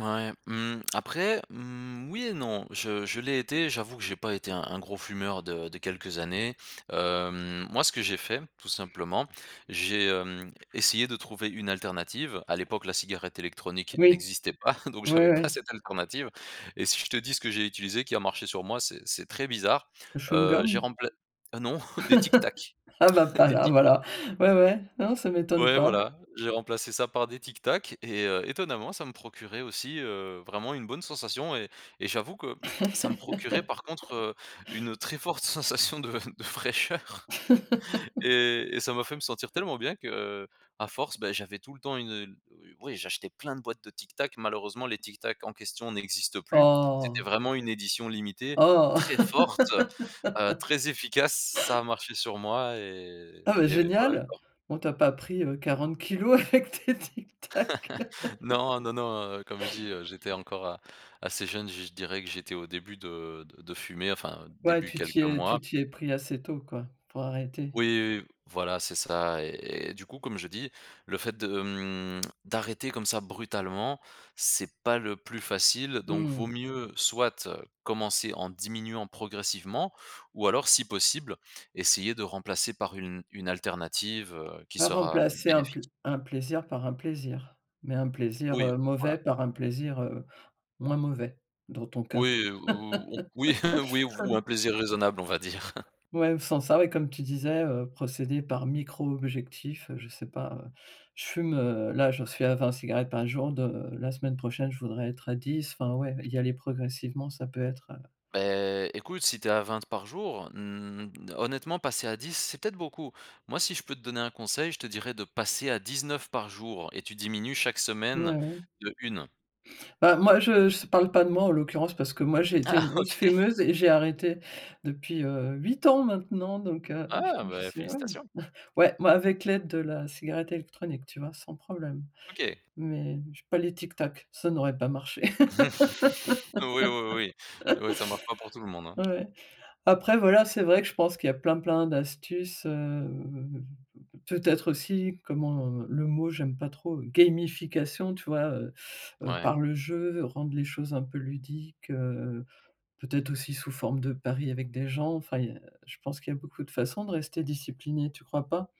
Ouais, mmh. Après, mmh, oui et non. Je je l'ai été, j'avoue que j'ai pas été un un gros fumeur de de quelques années. Hem, moi, ce que j'ai fait tout simplement, j'ai, hem, essayé de trouver une alternative. À l'époque, la cigarette électronique Oui, n'existait pas, donc ouais, j'avais pas ouais. cette alternative, et si je te dis ce que j'ai utilisé qui a marché sur moi, c'est c'est très bizarre. Le Heu, j'ai chewing-gum? rempla heu, non, des Tic Tac. Ah bah pas Des là, Tic voilà! Ouais, ouais, non, ça m'étonne ouais, pas. voilà. J'ai remplacé ça par des Tic Tac et heu, étonnamment, ça me procurait aussi, heu, vraiment une bonne sensation et et j'avoue que ça me procurait, par contre, heu, une très forte sensation de de fraîcheur et et ça m'a fait me sentir tellement bien qu'à force, beh, j'avais tout le temps une, heu oui, oui, j'achetais plein de boîtes de Tic Tac. Malheureusement, les Tic Tac en question n'existent plus. C'était Oh vraiment une édition limitée, très Oh. forte, heu, très efficace, ç ça a marché sur moi et Ah, beh, et voilà, génial! quoi. Bon, tu as pas pris, heu, 40 kg avec tes Tic Tac? Non, non, non, heu, comme je dis: «Heu, j'étais encore assez jeune», je je dirais que j'étais au début de de de fumer enfin, Ouais, début, tu t'y quelques es mois. tu t'y es pris assez tôt quoi, pour arrêter. Oui, oui, oui, voilà, c'est ça, et- et du coup, comme je dis: «Le fait de, mmh, d'arrêter comme ça, brutalement, c'est pas le plus facile», donc vaut Mmh. mieux soit commencer en diminuant progressivement, ou alors, si possible, essayer de remplacer par une une alternative, heu, qui Bah, sera remplacer un plai bénéfique. un plaisir par un plaisir, mais un plaisir, Oui, heu, voilà. mauvais, par un plaisir, heu, moins mauvais dans ton cas. Oui ou on oui! Oui, ou un plaisir raisonnable, on va dire. Ouais, sans ça, comme tu disais: «Heu, procéder par micro-objectifs», heu, je sais pas. Heu, je fume, heu, là, j'en suis à 20 cigarettes par jour de la semaine prochaine, je voudrais être à 10. Enfin ouais, y aller progressivement, ça peut être, heu Beh, écoute, si tu es à 20 par jour, mmh, honnêtement, passer à 10, c'est peut-être beaucoup. Moi, si je peux te donner un conseil, je te dirais de passer à 19 par jour, et tu diminues chaque semaine Mouais. de 1. Bah moi, je je parle pas de moi, en l'occurrence, parce que moi, j'ai été Ah, une grosse OK. fumeuse et j'ai arrêté depuis, heu, 8 ans maintenant donc heu je Ah je beh, sais, ouais. félicitations! Ouais, moi avec l'aide de la cigarette électronique, tu vois? Sans problème, OK. mais je pas les Tic Tac, ça n'aurait pas marché. Oui, oui, oui, oui. Oui, ça marche pas pour tout le monde, hein. Ouais. Après voilà, c'est vrai que je pense qu'il y a plein, plein d'astuces, heu, mmh, peut peut-être aussi comment, heu, le mot j'aime pas trop, heu, gamification tu vois? Heu heu, Ouais. par le jeu, rendre les choses un peu ludiques. Heu, peut-être aussi sous forme de pari avec des gens, enfin il y a je pense qu'il y a beaucoup de façons de rester discipliné, tu crois pas?